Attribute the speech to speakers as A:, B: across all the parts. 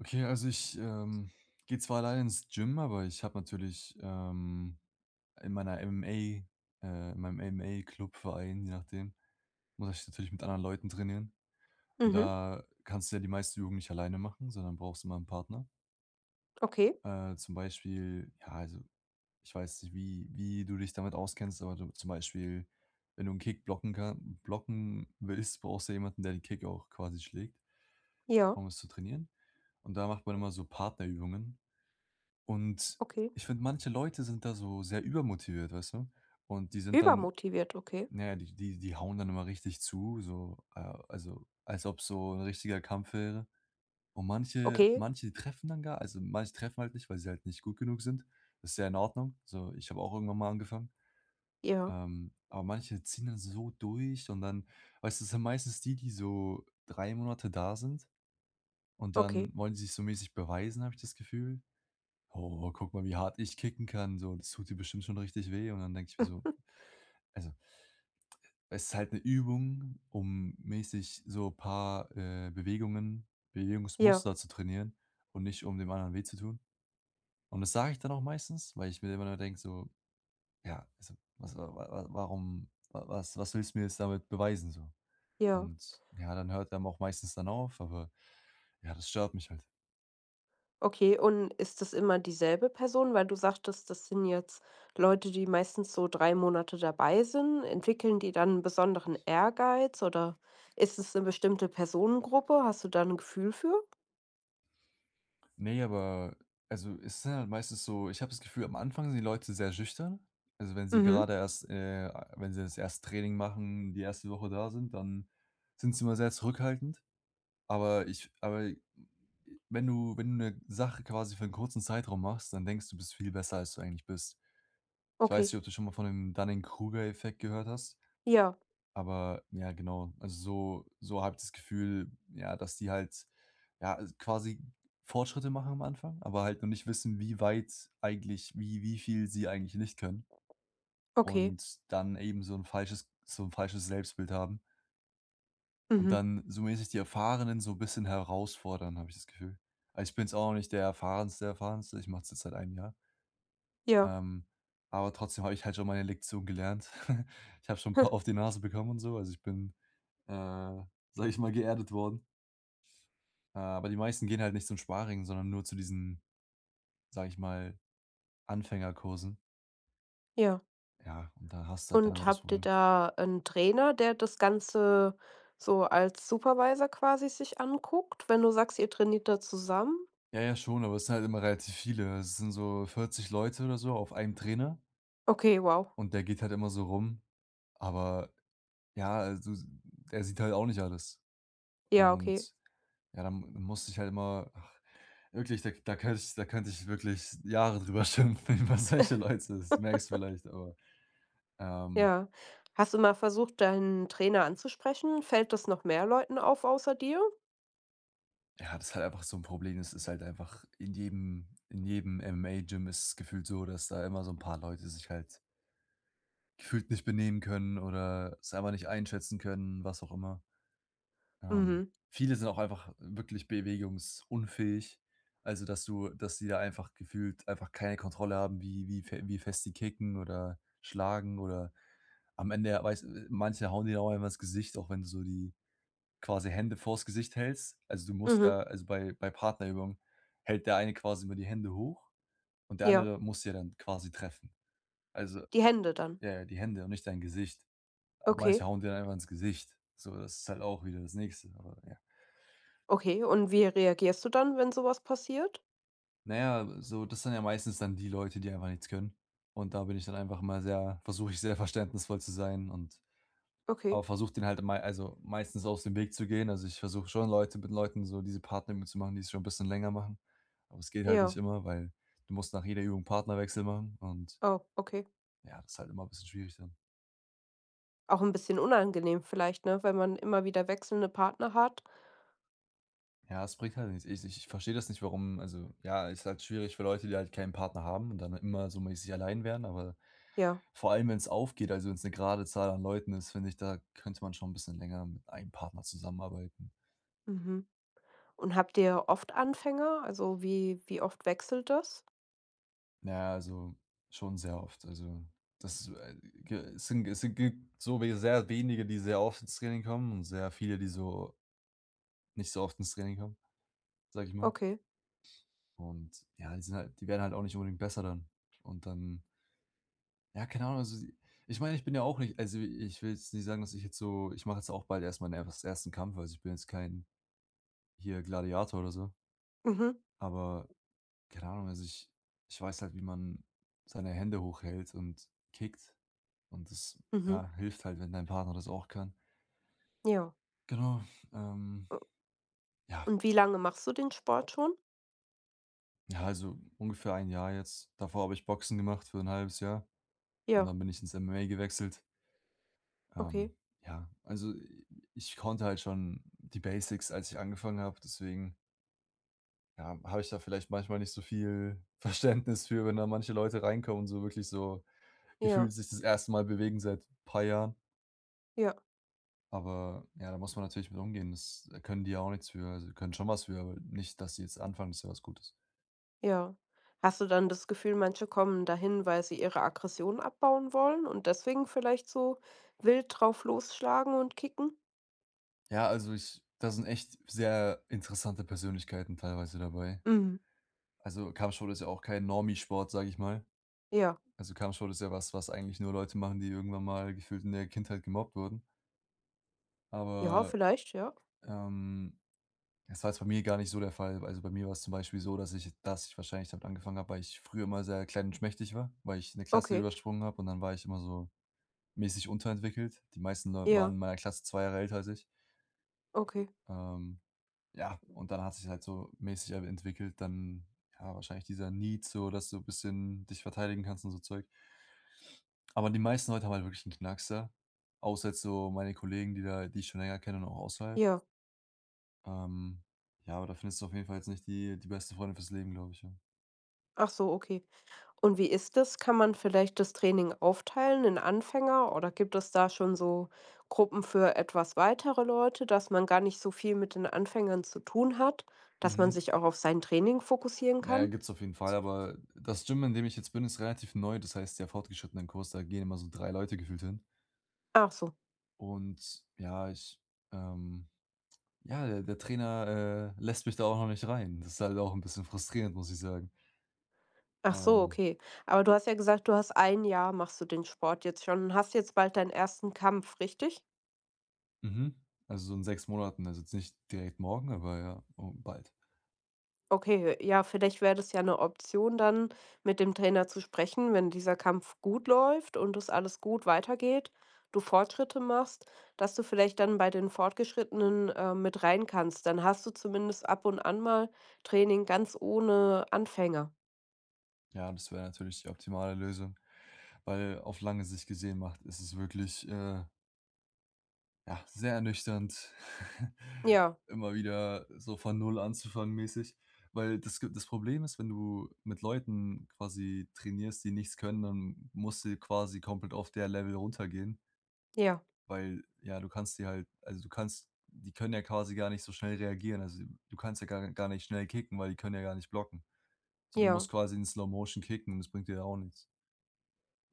A: Okay, also ich, ähm, gehe zwar alleine ins Gym, aber ich habe natürlich, ähm, in meiner MMA, äh in meinem MMA Club, Verein, je nachdem, muss ich natürlich mit anderen Leuten trainieren. Und
B: Mhm.
A: da kannst du ja die meisten Übungen nicht alleine machen, sondern brauchst immer 'n Partner.
B: Okay.
A: Äh, zum Beispiel, ja, also ich weiß nicht, wie wie du dich damit auskennst, aber du zum Beispiel, wenn du 'n Kick blocken kan blocken willst, brauchst du jemanden, der den Kick auch quasi schlägt
B: Ja.
A: um es zu trainieren. Und da macht man immer so Partnerübungen. Und
B: Okay.
A: ich finde, manche Leute sind da so sehr übermotiviert, weißt du? Und die sind dann
B: Übermotiviert? Okay.
A: ja, die die die hauen dann immer richtig zu, so, äh, also, als ob's so 'n richtiger Kampf wäre. Und manche
B: Okay.
A: manche treffen dann gar also, manche treffen halt nicht, weil sie halt nicht gut genug sind. Das ist ja in Ordnung. Also, ich habe auch irgendwann mal angefangen.
B: Ja.
A: Ähm, aber manche ziehen dann so durch und dann weißt du? Das sind meistens die, die so 3 Monate da sind. Und dann
B: Okay.
A: wollen sie sich so mäßig beweisen, habe ich das Gefühl. „Oh, guck mal, wie hart ich kicken kann, so das tut dir bestimmt schon richtig weh.“ Und dann denke ich mir so also Es ist halt 'ne Übung, um mäßig so paar, äh, Bewegungen,
B: Ja.
A: Bewegungsmuster zu trainieren und nicht, um dem anderen weh zu tun. Und das sage ich dann auch meistens, weil ich mir immer nur denke so, ja, also, was wa wa wa warum wa was was willst du mir jetzt damit beweisen so?
B: Ja.
A: Und ja, dann hört er auch meistens dann auf, aber ja, das stört mich halt.
B: Okay. Und ist das immer dieselbe Person? Weil du sagtest: „Das sind jetzt Leute, die meistens so 3 Monate dabei sind“, entwickeln die dann, besonderen Ehrgeiz oder ist es 'ne bestimmte Personengruppe? Hast du da 'n Gefühl für?
A: Ne, aber also, es sind halt meistens so ich habe das Gefühl, am Anfang sind die Leute sehr schüchtern. Also, wenn sie
B: Mhm.
A: gerade erst, äh wenn sie das 1. Training machen, die 1. Woche da sind, dann sind sie immer sehr zurückhaltend. Aber ich aber wenn du wenn du 'ne Sache quasi für 'nen kurzen Zeitraum machst, dann denkst du: „Du bist viel besser, als du eigentlich bist“. Ich weiß
B: Okay.
A: nicht, ob du schon mal von dem Dunning-Kruger-Effekt gehört hast
B: Ja.
A: aber ja, genau, also, so so habe ich das Gefühl, ja, dass die halt ja, al quasi Fortschritte machen am Anfang, aber halt noch nicht wissen, wie weit eigentlich wie wie viel sie eigentlich nicht können.
B: Okay.
A: Und dann eben so 'n falsches so 'n falsches Selbstbild haben. Und
B: Mhm.
A: dann, zumindest die Erfahrenen so bisschen herausfordern, habe ich das Gefühl. Ah, ich bin's auch nicht der erfahrenste Erfahrenste. Ich mache das seit einem Jahr.
B: Ja.
A: Ähm, aber trotzdem habe ich halt schon meine Lektion gelernt. Ich habe schon 'n paar
B: Ha.
A: auf die Nase bekommen und so, also, ich bin, äh, sage ich mal, geerdet worden. Äh, aber die meisten gehen halt nicht zum Sparring, sondern nur zu diesen, sage ich mal: „Anfängerkursen“.
B: Ja.
A: Ja, und da hast du halt dann immer
B: Und
A: das
B: habt ihr
A: Problem.
B: da 'nen Trainer, der das Ganze so als Supervisor quasi sich anguckt, wenn du sagst, ihr trainiert da zusammen?
A: Ja, ja, schon, aber es ist halt immer relativ viele. Das sind so 40 Leute oder so auf einen Trainer.
B: Okay, wow.
A: Und der geht halt immer so rum. Aber ja, also, s der sieht halt auch nicht alles.
B: Ja, okay.
A: Und ja, dann m dann musste ich halt immer ach, wirklich da k da könnte ich da könnte ich wirklich Jahre darüber schimpfen über solche Leute, das merkst du vielleicht, aber, ähm
B: Ja. Hast du mal versucht, deinen Trainer anzusprechen? Fällt das noch mehr Leuten auf, außer dir?
A: Ja, das ist halt einfach so 'n Problem. Es ist halt einfach in jedem in jedem MMA-Gym ist es gefühlt so, dass da immer so 'n paar Leute sich halt gefühlt nicht benehmen können oder selber nicht einschätzen können, was auch immer. Ähm,
B: Mhm.
A: viele sind auch einfach wirklich bewegungsunfähig. Also, dass du dass die da einfach gefühlt einfach keine Kontrolle haben, wie wie fe wie fest die kicken oder schlagen oder am Ende, ja, weißt manche hauen dir da einfach ins Gesicht, auch wenn du so die quasi Hände vors Gesicht hältst. Also, du musst ja
B: Mhm.
A: also, bei bei Partnerübungen hält der eine quasi immer die Hände hoch und der
B: Ja.
A: andere muss ja dann quasi treffen. Also,
B: Die Hände dann.
A: ja, ja, die Hände und nicht dein Gesicht. Aber
B: Okay.
A: manche hauen dir dann einfach ins Gesicht, so das ist halt auch wieder das nächste, aber ja.
B: Okay, und wie reagierst du dann, wenn sowas passiert?
A: Naja, äh, so, das sind ja meistens dann die Leute, die einfach nichts können. Und da bin ich dann einfach mal sehr versuche ich, sehr verständnisvoll zu sein und
B: Okay.
A: aber versuche den halt e mei also, meistens aus dem Weg zu gehen. Also ich versuche schon Leute mit Leuten so diese Partnerübungen zu machen, die es schon 'n bisschen länger machen. Aber es geht halt
B: Ja.
A: nicht immer, weil du musst nach jeder Übung Partnerwechsel machen und
B: Oh, okay.
A: Ja, das ist halt immer 'n bisschen schwierig dann.
B: Auch 'n bisschen unangenehm, vielleicht, ne? Wenn man immer wieder wechselnde Partner hat.
A: Ja, das bringt halt nichts. Ich ich ich verstehe das nicht, warum also ja, ist halt schwierig für Leute, die halt keinen Partner haben und dann immer so mäßig allein wären, aber
B: Ja.
A: vor allem, wenn's aufgeht, also wenn's 'ne gerade Zahl an Leuten ist, finde ich, da könnte man schon bisschen länger mit einem Partner zusammenarbeiten.
B: Mhm. Und habt ihr oft Anfänger, also, wie wie oft wechselt das?
A: Na ja, also schon sehr oft, also das, äh, g äh, sind es sind ge so we sehr wenige, die sehr oft ins Training kommen und sehr viele, die so nicht so oft ins Training haben, sage ich mal.
B: Okay.
A: Und ja, die sind halt die werden halt auch nicht unbedingt besser dann. Und dann Ja, keine Ahnung. Also, ich meine, ich bin ja auch nicht also, ich will jetzt nicht sagen, dass ich jetzt so ich mache jetzt auch bald erst mal mein ers ersten Kampf. Also, ich bin jetzt kein hier Gladiator oder so.
B: Mhm.
A: Aber keine Ahnung. Also, ich ich weiß halt, wie man seine Hände hochhält und kickt. Und das,
B: Mhm.
A: ja, hilft halt, wenn dein Partner das auch kann.
B: Ja.
A: Genau. Ähm.
B: U
A: Ja.
B: und wie lange machst du den Sport schon?
A: Ja, also ungefähr 1 Jahr jetzt. Davor habe ich Boxen gemacht für 1/2 Jahr. Und
B: Ja.
A: dann bin ich ins MMA gewechselt. Ähm,
B: Okay.
A: ja, also i ich konnte halt schon die Basics, als ich angefangen habe, deswegen Ja, habe ich da vielleicht manchmal nicht so viel Verständnis für, wenn da manche Leute reinkommen und so wirklich so
B: Ja.
A: gefühlt sich das 1. Mal bewegen seit paar Jahren.
B: Ja.
A: Aber ja, da muss man natürlich mit umgehen. Das, äh, können die ja auch nix für. Also, sie können schon was für, aber nicht, dass sie jetzt anfangen, ist ja was Gutes.
B: Ja. Hast du dann das Gefühl, manche kommen dahin, weil sie ihre Aggression abbauen wollen und deswegen vielleicht so wild drauf losschlagen und kicken?
A: Ja, also ich da sind echt sehr interessante Persönlichkeiten teilweise dabei.
B: Mhm.
A: Also, Kampfsport ist ja auch kein Normi-Sport, sage ich mal.
B: Ja.
A: Also, Kampfsport ist ja was, was eigentlich nur Leute machen, die irgendwann mal gefühlt in der Kindheit gemobbt wurden.
B: Ja,
A: Aber,
B: vielleicht, ja.
A: ähm, das war jetzt bei mir gar nicht so der Fall. Also, bei mir war es zum Beispiel so, dass ich dass ich wahrscheinlich damit angefangen habe, weil ich früher immer sehr klein und schmächtig war, weil ich 'ne Klasse
B: Okay.
A: übersprungen habe. Und dann war ich immer so mäßig unterentwickelt. Die meisten Leute waren
B: Ja.
A: in meiner Klasse 2 Jahre älter als ich.
B: Okay.
A: Ähm, ja. Und dann hat sich's halt so mäßig, ähm, entwickelt. Dann ja, wahrscheinlich dieser need so, dass du bisschen dich verteidigen kannst und so Zeug. Aber die meisten Leute haben halt wirklich 'n Knacks, ja? Außer jetzt so meine Kollegen, die da die ich schon länger kenne, und auch außerhalb.
B: Ja.
A: Ähm, ja, aber da findest du auf jeden Fall jetzt nicht die die besten Freunde für's Leben, glaube ich, ja.
B: Ach so, okay. Und wie ist das? Kann man vielleicht das Training aufteilen in Anfänger, oder gibt es da schon so Gruppen für etwas weitere Leute, dass man gar nicht so viel mit den Anfängern zu tun hat, dass man
A: Mhm.
B: sich auch auf sein Training fokussieren
A: Ja,
B: kann?
A: gibt's auf jeden Fall. Aber das Gym, in dem ich jetzt bin, ist relativ neu. Das heißt, der Fortgeschrittenen-Kurs, da gehen immer so 3 Leute gefühlt hin.
B: Ach so.
A: Und ja, ich, ähm ja, der der Trainer, äh, lässt mich da auch noch nicht rein. Das ist halt auch 'n bisschen frustrierend, muss ich sagen.
B: Ach so,
A: Ähm.
B: okay. Aber du hast ja gesagt, du hast ein Jahr, machst du den Sport jetzt schon und hast jetzt bald deinen 1. Kampf, richtig?
A: Mhm, also so in 6 Monaten. Also jetzt nicht direkt morgen, aber ja, und bald.
B: Okay, ja, vielleicht wäre das ja 'ne Option, dann mit dem Trainer zu sprechen, wenn dieser Kampf gut läuft und das alles gut weitergeht, du Fortschritte machst, dass du vielleicht dann bei den Fortgeschrittenen, ähm, mit rein kannst, dann hast du zumindest ab und an mal Training ganz ohne Anfänger.
A: Ja, das wäre natürlich die optimale Lösung, weil auf lange Sicht gesehen macht ist es wirklich, äh ja, sehr ernüchternd
B: Ja.
A: immer wieder so von 0 anzufangen-mäßig, weil das ge das Problem ist, wenn du mit Leuten quasi trainierst, die nichts können, dann musst du j quasi komplett auf der Level runtergehen.
B: Ja.
A: Weil, ja, du kannst dir halt. Also, du kannst die können ja quasi gar nicht so schnell reagieren. Also, du kannst ja gar gar nicht schnell kicken, weil die können ja gar nicht blocken. Also, du
B: Ja.
A: musst quasi in Slowmotion kicken und das bringt dir ja auch nichts.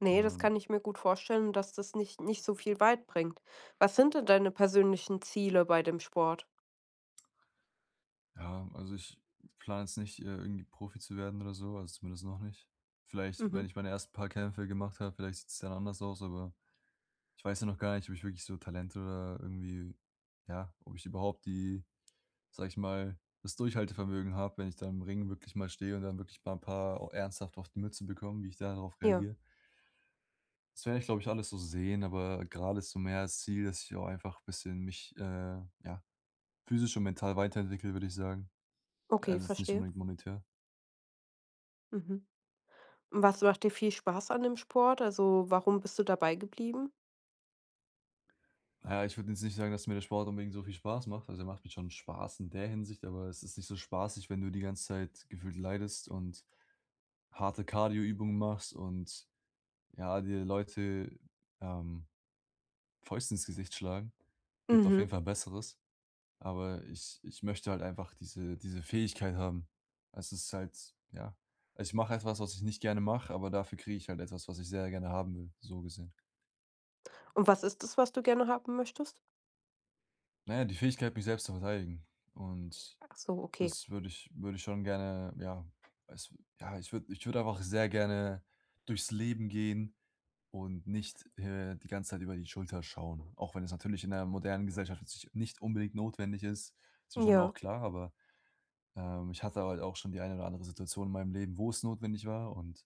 B: Ne, das
A: Ähm
B: kann ich mir gut vorstellen, dass das nicht nicht so viel weit bringt. Was sind denn deine persönlichen Ziele bei dem Sport?
A: Ja, also ich plane jetzt nicht, äh, irgendwie Profi zu werden oder so, also zumindest noch nicht. Vielleicht, wenn
B: Mhm.
A: ich meine ersten paar Kämpfe gemacht habe, vielleicht sieht's dann anders aus, aber ich weiß ja noch gar nicht, ob ich wirklich so Talent oder irgendwie ja, ob ich überhaupt die sage ich mal, das Durchhaltevermögen habe, wenn ich da im Ring wirklich mal stehe und dann wirklich 'n paar au ernsthaft auf die Mütze bekomme, wie ich da darauf
B: Ja.
A: reagiere. Das werde ich, glaube ich, alles so sehen, aber grade ist so mehr das Ziel, dass ich auch einfach bisschen mich, äh, ja, physisch und mental weiterentwickle, würde ich sagen.
B: Okay,
A: Also jetzt nicht
B: verstehe.
A: unbedingt monetär.
B: Mhm, und was macht dir viel Spaß an dem Sport? Also, warum bist du dabei geblieben?
A: Ja, ich würde jetzt nicht sagen, dass mir der Sport unbedingt so viel Spaß macht. Also, der macht mir schon Spaß in der Hinsicht, aber es ist nicht so spaßig, wenn du die ganze Zeit gefühlt leidest und harte Kardio-Übungen machst und ja, dir Leute, ähm, Fäuste ins Gesicht schlagen. Gibt auf jeden
B: Mhm.
A: Fall Besseres. Aber ich ich möchte halt einfach diese diese Fähigkeit haben. Es ist halt ja. Ich mache etwas, was ich nicht gerne mache, aber dafür kriege ich halt etwas, was ich sehr gerne haben will, so gesehen.
B: Und was ist das, was du gerne haben möchtest?
A: Na ja, die Fähigkeit, mich selbst zu verteidigen. Und
B: Ach so, okay.
A: das würde ich würde ich schon gerne ja, weiß ja, ich würde ich würde einfach sehr gerne durchs Leben gehen und nicht, äh, die ganze Zeit über die Schulter schauen. Auch wenn es natürlich in der modernen Gesellschaft jetzt nich nicht unbedingt notwendig ist, ist mir schon
B: Ja.
A: auch klar, aber, ähm, ich hatte halt auch schon die eine oder andere Situation in meinem Leben, wo's notwendig war. Und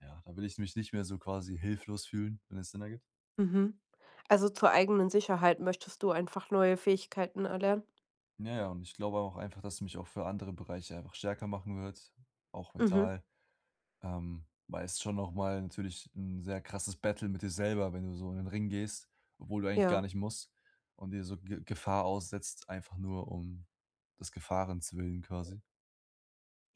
A: ja, da will ich mich nicht mehr so quasi hilflos fühlen, wenn es Sinn ergibt.
B: Mhm. Also, zur eigenen Sicherheit möchtest du einfach neue Fähigkeiten erlernen?
A: Ja ja, und ich glaube auch einfach, dass ich mich auch für andere Bereiche einfach stärker machen wird, auch
B: Mhm.
A: mental. Ähm, weil es schon noch mal natürlich 'n sehr krasses Battle mit dir selber, wenn du so in den Ring gehst, obwohl du eigentlich gar
B: Ja.
A: nicht musst und dir so Ge Gefahr aussetzt, einfach nur um des Gefahrens-willen quasi.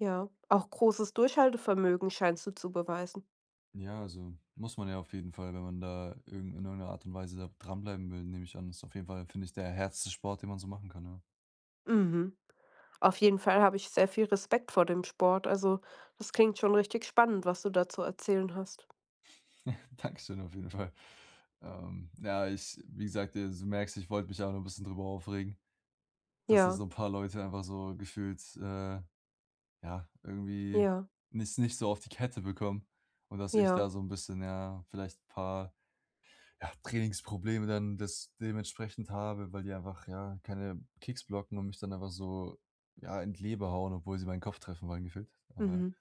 B: Ja, auch großes Durchhaltevermögen scheinst du zu beweisen.
A: Ja also, muss man ja auf jeden Fall, wenn man da irgend in irgend 'ne Art und Weise da dran bleiben will, nehme ich an. Ist auf jeden Fall, finde ich, der härteste Sport, den man so machen kann, ja.
B: Mhm. Auf jeden Fall habe ich sehr viel Respekt vor dem Sport, also das klingt schon richtig spannend, was du da zu erzählen hast.
A: Dankeschön auf jeden Fall. Ähm, ja ich wie gesagt, äh, du merkst, ich wollte mich auch noch 'n bisschen darüber aufregen, dass da
B: Ja.
A: so ‘n paar Leute einfach so gefühlt, äh, ja, irgendwie
B: Ja.
A: nicht nicht so auf die Kette bekommen. Und, dass ich
B: Ja.
A: da so ‘n bisschen, ja, vielleicht ‘n paar, ja, Trainingsprobleme dann das dementsprechend habe, weil die einfach, ja, keine Kicks blocken und mich dann einfach so, ja, in die Leber hauen, obwohl sie meinen Kopf treffen wollen gefühlt, aber
B: Mhm.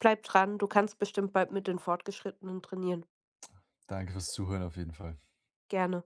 B: Bleibe dran, du kannst bestimmt bald mit den Fortgeschrittenen trainieren.
A: Danke für ‘s Zuhören auf jeden Fall.
B: Gerne.